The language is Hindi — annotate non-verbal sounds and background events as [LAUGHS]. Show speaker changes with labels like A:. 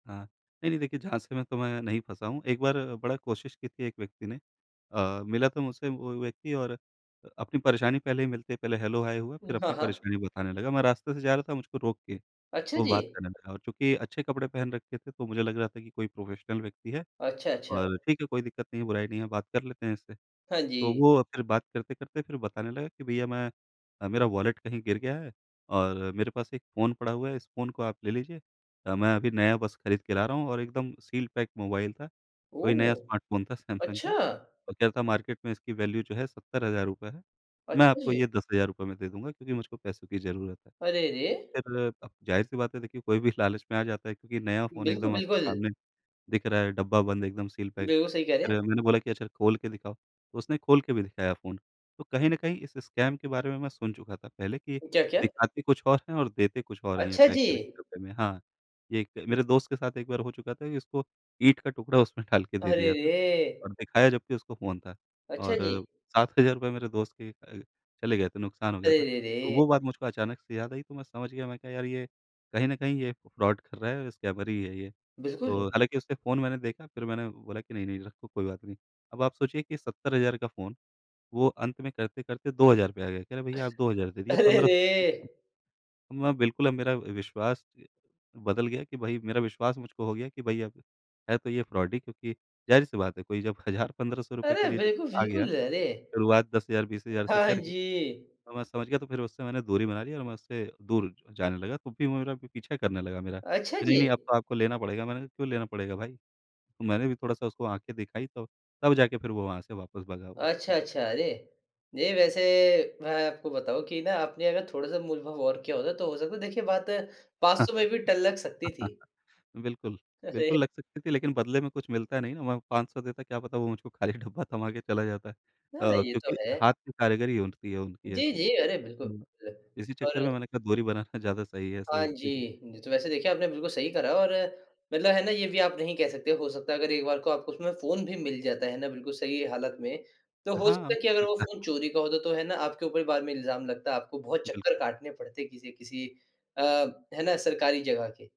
A: हाँ। नहीं, नहीं देखिए झाँसे मैं तो मैं नहीं फँसा हूँ। एक बार बड़ा कोशिश की थी एक व्यक्ति ने। अ, मिला तो मुझसे वो व्यक्ति और अ, अपनी परेशानी पहले ही मिलते पहले हेलो-हाय हुआ
B: उम,
A: फिर
B: हाँ,
A: अपनी
B: हाँ।
A: परेशानी बताने लगा। मैं रास्ते से जा रहा था मुझको रोक के
B: अच्छा
A: वो बात
B: जी।
A: करने लगा। और चूँकि अच्छे कपड़े पहन रखे थे तो मुझे लग रहा था कि कोई प्रोफेशनल व्यक्ति है
B: अच्छा, अच्छा।
A: और ठीक है, कोई दिक्कत नहीं है, बुराई नहीं है बात कर लेते हैं इससे।
B: हाँ
A: तो
B: जी।
A: वो फिर बात करते-करते फिर बताने लगे कि भईया मैं अ, मेरा वॉलेट कहीं गिर गया है और मेरे पास एक फ़ोन पड़ा हुआ है, इस फ़ोन को आप ले लीजिए। अ, मैं अभी नया बस खरीद के ला रहा हूँ और एकदम सील पैक मोबाइल था, कोई नया
B: ओह!
A: स्मार्टफ़ोन था सैमसंग का
B: अच्छा!
A: और कह रहा था मार्केट में इसकी वैल्यू जो है ₹70000 है। मैं
B: अच्छा
A: आपको
B: जी।
A: ये ₹10000 में दे दूँगा क्योंकि मुझको पैसों की ज़रूरत है।
B: अरे रे!
A: फिर क ज़ाहिर सी बात है देखिए कोई भी लालच में आ जाता है क्योंकि नया फ़ोन
B: बिल्कुल,
A: एकदम आपके
B: बिल्कुल।
A: सामने दिख रहा है, डब्बा बंद एकदम सील पैक।
B: बिल्कुल सही कह रहे हैं।
A: फिर मैंने बोला कि अच्छा खोल के दिखाओ, तो उसने खोल के भी दिखाया फ़ोन। तो कहीं न कहीं इस स्कैम के बारे में मैं सुन चुका था पहले कि
B: क्या, क्या?
A: दिखाते कुछ और है और देते कुछ और हैं ये
B: अच्छा
A: पैक
B: जी।
A: करके डब्बे में। हाँ, ये क मेरे दोस्त के साथ एक बार हो चुका था उसको ईंट का टुकड़ा उसमें डाल के दे
B: अरे
A: दिया था
B: रे!
A: और दिखाया जबकि उसको फ़ोन था।
B: अच्छा
A: और
B: जी।
A: ₹7000 मेरे दोस्त के अ, चले गए थे, नुकसान हो गया
B: अरे
A: था।
B: रे
A: तो
B: रे!
A: वो बात मुझको अचानक से याद आई तो मैं समझ गया, मैं कहा यार ये कहीं न कहीं ये फ्रॉड कर रहा है और स्कैमर ही है ये।
B: बिल्कुल।
A: तो हालाँकि उससे फ़ोन मैंने देखा, फिर मैंने बोला कि नहीं, नहीं रखो कोई बात नहीं। अब आप सोचिए कि 70000 का फ़ोन वो अंत में करते-करते 2000 पे आ गया, कह रहा भईया आप 2000 दे दीजिए
B: अरे
A: पंद्रह
B: रे!
A: सौ दे दीजिए। मैं बिल्कुल अब मेरा विश्वास अ, बदल गया कि भई मेरा विश्वास मुझको हो गया कि भई अब है तो ये फ्रॉड ही। क्योंकि ज़ाहिर सी बात है कोई जब 1000 -₹1500
B: अरे
A: के लिए जब
B: बिल्कुल,
A: आ गया,
B: बिल्कुल अरे!
A: शुरुआत 10000, 20000
B: हाँ,
A: से
B: हाँ
A: करके,
B: जी।
A: तो मैं समझ गया तो फिर उससे दूरी बना ली और मैं उससे दूर जाने लगा। तो फिर वो मेरा पी पीछा करने लगा मेरा
B: अच्छा
A: कि नहीं, नहीं
B: जी।
A: अब तो आपको लेना पड़ेगा, मैंने कहा क्यों लेना पड़ेगा भाई? तो मैंने भी थोड़ा-सा उसको आँखें दिखाई तो तब जाके फिर वो वहाँ से वापस भगा वो।
B: अच्छा,
A: जी।
B: अच्छा अरे! जी वैसे मैं आपको बताऊँ कि ना आपने अगर थोड़ा-सा मूलभाव और किया होता तो हो सकता है देखिए बात 500 में भी टल लक सकती थी।
A: [LAUGHS] बिल्कुल।
B: अरे!
A: बिल्कुल लग सकती थी लेकिन बदले में कुछ मिलता नहीं ना वहाँ 500 देता, क्या पता वो मुझको खाली डब्बा थमा के चला जाता। अ
B: हाँ
A: अ,
B: ये तो
A: क्योंकि
B: है।
A: हाथ की कारीगरी उठती है उनकी
B: जी,
A: ऐसी।
B: जी अरे बिल्कुल
A: तो
B: ल
A: इसी
B: और
A: चक्कर में मैंने कहा दूरी बनाना ज़्यादा सही है ऐसे
B: हाँ
A: व्यक्ति
B: जी। जी तो वैसे देखिए आपने बिल्कुल सही करा और मतलब है ना ये भी आप नहीं कह सकते, हो सकता है अगर एक बार को आपको उसमें फ़ोन भी मिल जाता है ना बिल्कुल सही हालत में तो हो
A: हाँ,
B: सकता है कि
A: हो
B: अगर वो
A: सकता।
B: फ़ोन चोरी का होता तो है ना आपके ऊपर बाद में इल्ज़ाम लगता। आपको बहुत चक्कर
A: बिल्कुल।
B: काटने पड़ते किसी-किसी अ, है ना सरकारी जगह के।